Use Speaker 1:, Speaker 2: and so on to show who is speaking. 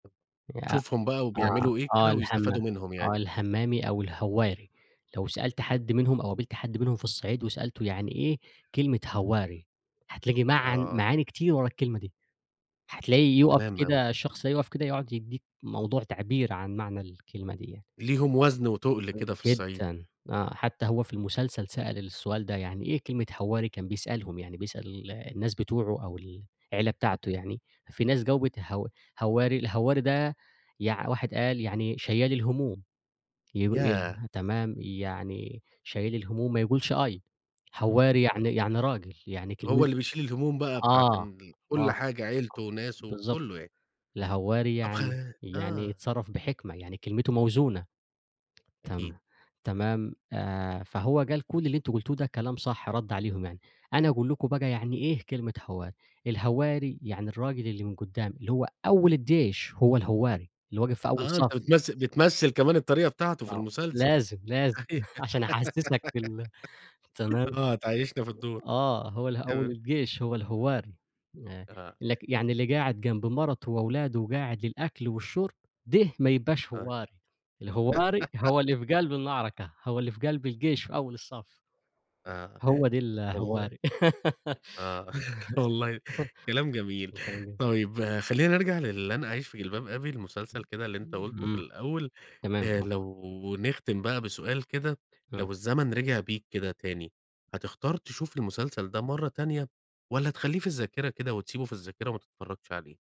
Speaker 1: يا
Speaker 2: تشوفهم بَقى
Speaker 1: آه،
Speaker 2: وبيعملوا إيه
Speaker 1: آه
Speaker 2: كده
Speaker 1: الهمّا
Speaker 2: ويستفادوا منهم
Speaker 1: آه
Speaker 2: يعني.
Speaker 1: الهمّامي أو الهوّاري، لو سألت
Speaker 2: [unintelligible]
Speaker 1: حد منهم أو قابلت حد منهم في الصعيد وسألته، يعني إيه كلمة هوّاري؟ هتلاقي معن
Speaker 2: آه.
Speaker 1: معاني كتير ورا الكلمة دي، هتلاقيه يوقف
Speaker 2: تمام أوي.
Speaker 1: كده الشخص هيُقف كده، يقعد يدّيك موضوع تعبير عن معنى الكلمة دي يعني.
Speaker 2: ليهم وزن وتُقل كده
Speaker 1: [unintelligible]
Speaker 2: في الصعيد.
Speaker 1: جدًا، آه، حتّى هو في المسلسل سأل السؤال ده، يعني إيه كلمة هواري؟ كان بيسألهم، يعني بيسأل الناس بتوعه، أو ال العيلة بتاعته
Speaker 2: [unintelligible]
Speaker 1: يعني، في ناس جاوبت هو هوّاري، الهوّاري ده يع واحد قال يعني شيال الهموم، يب ي
Speaker 2: ياه!
Speaker 1: تمام، يعني شيال الهموم ما يقولش أي، هوّاري
Speaker 2: آه.
Speaker 1: يعني يعني راجل، يعني
Speaker 2: هو
Speaker 1: كلم
Speaker 2: اللي بيشيل الهموم بَقى بتاعة
Speaker 1: آه، آه.
Speaker 2: ن ال كلّ
Speaker 1: آه،
Speaker 2: حاجة عيلته وناسه وكلّه
Speaker 1: بالضبط،
Speaker 2: يعني
Speaker 1: الهوّاري
Speaker 2: طَب خ
Speaker 1: يعني يعني
Speaker 2: آه.
Speaker 1: يتصرّف بحكمة، يعني كلمته موزونة،
Speaker 2: أكيد.
Speaker 1: تم تمام، آآ فهو قال كل اللي أنتم قلتوه ده كلام صح، رد عليهم يعني، أنا أقول لكم بَقى يعني إيه كلمة هوّاري، الهوّاري يعني الراجل اللي من قدّام، اللي هو أول الجيش، هو الهوّاري، اللي واقف في
Speaker 2: آآ،
Speaker 1: أول
Speaker 2: آه أنت
Speaker 1: صف.
Speaker 2: بتمث بتمثل كمان الطريقة بتاعته في
Speaker 1: آه
Speaker 2: المسلسل،
Speaker 1: لازم، لازم عشان أحسّسك في ال تمام،
Speaker 2: آه هتعيّشنا في الدور،
Speaker 1: آه هو ال أول
Speaker 2: تمام.
Speaker 1: الجيش هو الهوّاري، آآ
Speaker 2: أها.
Speaker 1: لك يعني اللي قاعد جنب مَرَته وأولاده وقاعد للأكل والشرب، ده ما يبقاش
Speaker 2: آه.
Speaker 1: هوّاري، الهوّاري هو اللي في قلب المعركة، هو اللي في قلب الجيش في أول الصف.
Speaker 2: آه
Speaker 1: هو ده
Speaker 2: والله.
Speaker 1: الهوّاري.
Speaker 2: آه، والله كلام جميل،
Speaker 1: [unintelligible]
Speaker 2: طيب خلّينا نرجع للن أعيش في جلباب أبي، المسلسل كده اللي أنت قُلته في
Speaker 1: إمم،
Speaker 2: الأول،
Speaker 1: تمام،
Speaker 2: آآ
Speaker 1: آه.
Speaker 2: لو نختم بَقى بسؤال كده،
Speaker 1: إمم.
Speaker 2: لو الزمن رجع بيك كده تاني، هتختار تشوف المسلسل ده مَرّة تانية، والّا تخلّيه في الذاكرة كده وتسيبه في الذاكرة وما تتفرّجش عليه؟